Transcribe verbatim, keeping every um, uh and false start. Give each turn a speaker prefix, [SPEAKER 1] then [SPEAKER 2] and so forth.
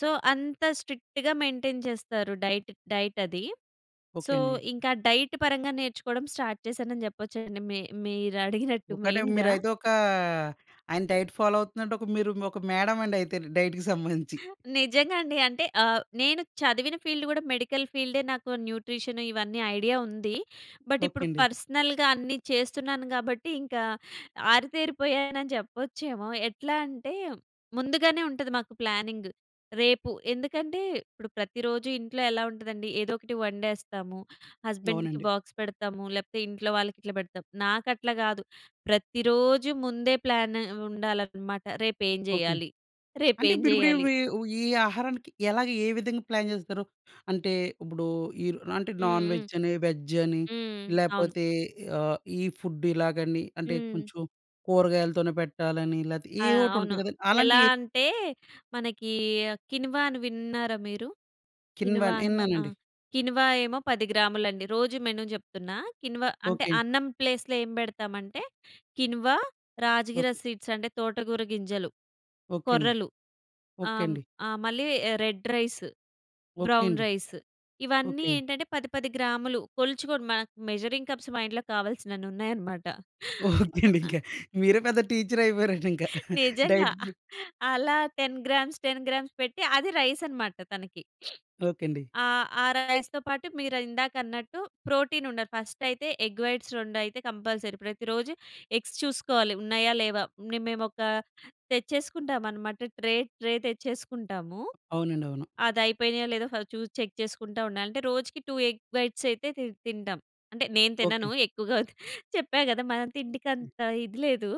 [SPEAKER 1] So, అంత స్ట్రిక్ట్‌గా maintain చేస్తారు డైట్, డైట్ అది. సో,
[SPEAKER 2] ఓకే అండి.
[SPEAKER 1] ఇంకా డైట్ పరంగా నేర్చుకోవడం స్టార్ట్ చేశానని జెప్పొచ్చండి. మీ మీరడిగినట్టు
[SPEAKER 2] ఒకటే
[SPEAKER 1] మెయిన్‌గా.
[SPEAKER 2] మీరైతే ఒకా ఆయన డైట్ ఫాలో అవుతుందంటే ఒక మీరు ఒక మేడం అండయితే డైట్‌కి సంబంధించి.
[SPEAKER 1] నిజంగా అండి. అంటే ఆహ్, నేను చదివిన ఫీల్డ్ గూడా మెడికల్ ఫీల్డే. నాకు న్యూట్రిషన్ ఇవన్నీ ఐడియా ఉంది. బట్
[SPEAKER 2] ఓకే
[SPEAKER 1] ఇప్పుడు
[SPEAKER 2] అండి.
[SPEAKER 1] పర్సనల్‌గా అన్నీ చేస్తున్నాను గాబట్టి ఇంకా ఆరితేరిపోయానని చెప్పొచ్చేమో. ఎట్లా అంటే ముందుగానే ఉంటది మాకు ప్లానింగ్. రేపు ఎందుకంటే ఇప్పుడు ప్రతిరోజు ఇంట్లో ఎలా ఉంటదండి ఏదో ఒకటి వండేస్తాము. హస్బాండ్‌కి
[SPEAKER 2] అవునండి.
[SPEAKER 1] బాక్స్ పెడతాము. లేపోతే ఇంట్లో వాళ్ళకి ఇట్లా పెడతాము. నాకట్లా గాదు. ప్రతిరోజు ముందే ప్లాన్ ఉండాలన్నమాట. రేపు ఏం
[SPEAKER 2] ఓకే.
[SPEAKER 1] జేయ్యాలి? రేపు
[SPEAKER 2] అంటే
[SPEAKER 1] ఏం
[SPEAKER 2] మీరుప్పుడు
[SPEAKER 1] జేయ్యాలి?
[SPEAKER 2] ఇవి ఈ ఆహారానికి ఎలాగా? ఏ విధంగా ప్లాన్ జేస్తారు? అంటే ఇప్పుడు, ఈ అంటే
[SPEAKER 1] హ్మ్. హ్మ్.
[SPEAKER 2] నాన్‌వెజ్ అని, వెజ్ అని
[SPEAKER 1] హ్మ్. అవును.
[SPEAKER 2] లేపోతే ఆహ్, ఈ ఫుడ్ ఇలాగని అంటే
[SPEAKER 1] హ్మ్.
[SPEAKER 2] కొంచెం కురగాయలతోనే పెట్టాలని లెతే
[SPEAKER 1] ఆ!
[SPEAKER 2] ఏవోటి
[SPEAKER 1] అవును.
[SPEAKER 2] ఉంటాయి కదా!
[SPEAKER 1] ఎలా
[SPEAKER 2] అలాంటియి ఎ
[SPEAKER 1] అంటే మనకి కిన్వా అని విన్నారా మీరు?
[SPEAKER 2] కీన్వా
[SPEAKER 1] కిన్వా ఆ!
[SPEAKER 2] ఇన్నానండి.
[SPEAKER 1] కిన్వా ఏమో పది గ్రాములండి. రోజు మెను జెప్తున్నా. కిన్వా అంటే
[SPEAKER 2] ఓకేండి.
[SPEAKER 1] అన్నం ప్లేస్‌లో ఏం బెడతామంటే, కిన్వా, రాజగిర
[SPEAKER 2] ఓకే.
[SPEAKER 1] సీడ్స్ అంటే తోటగూర గింజలు,
[SPEAKER 2] ఓకే అండి,
[SPEAKER 1] కొర్రలు
[SPEAKER 2] ఓకే
[SPEAKER 1] ఆహ్,
[SPEAKER 2] అండి.
[SPEAKER 1] ఆహ్, మళ్ళీ రెడ్ రైస్
[SPEAKER 2] ఓకే
[SPEAKER 1] బ్రౌన్
[SPEAKER 2] అండి.
[SPEAKER 1] రైస్ ఇవన్నీ
[SPEAKER 2] ఓకే.
[SPEAKER 1] ఏంటంటే పది పది గ్రాములు కొల్చుకొని, మన మెజరింగ్ కప్స్ మా ఇంట్లో కావాల్సినన్నున్నాయన్నమాట.
[SPEAKER 2] ఓకే అండి. ఇంకా మీరే పెద్ద టీచరయిపోయారండి ఇంకా.
[SPEAKER 1] నిజంగా.
[SPEAKER 2] డైట్ ప్రీ.
[SPEAKER 1] అలా టెన్ గ్రామ్స్, టెన్ గ్రామ్స్ పెట్టి అది రైస్ అన్నమాట తనకి.
[SPEAKER 2] ఓకే అండి.
[SPEAKER 1] ఆహ్, ఆ రైస్‌తో పాటు మీరు ఇందాక అన్నట్టు ప్రోటీన్ ఉండాలి. ఫస్ట‌యితే ఎగ్ వైట్స్ రొండయితే కంపల్సరీ ప్రతిరోజు ఎగ్స్ చూసుకోవాలి. ఉన్నాయా? లేవా? మేము ఒక తెచ్చేసుకుంటామన్నమాట. Tray tray తెచ్చేసుకుంటాము.
[SPEAKER 2] అవునండి. అవును.
[SPEAKER 1] అది అయిపోయినాయో లేదో ఫస్ట్ చూసి చెక్ చేసుకుంటా ఉండాలి. అంటే రోజుకి టూ ఎగ్ బైట్స్ అయితే తి తింటాం. అంటే నేను తినను.
[SPEAKER 2] ఓకే.
[SPEAKER 1] ఎక్కువగా తి చెప్పా కదా! మనం తిండికంత ఇది లేదు.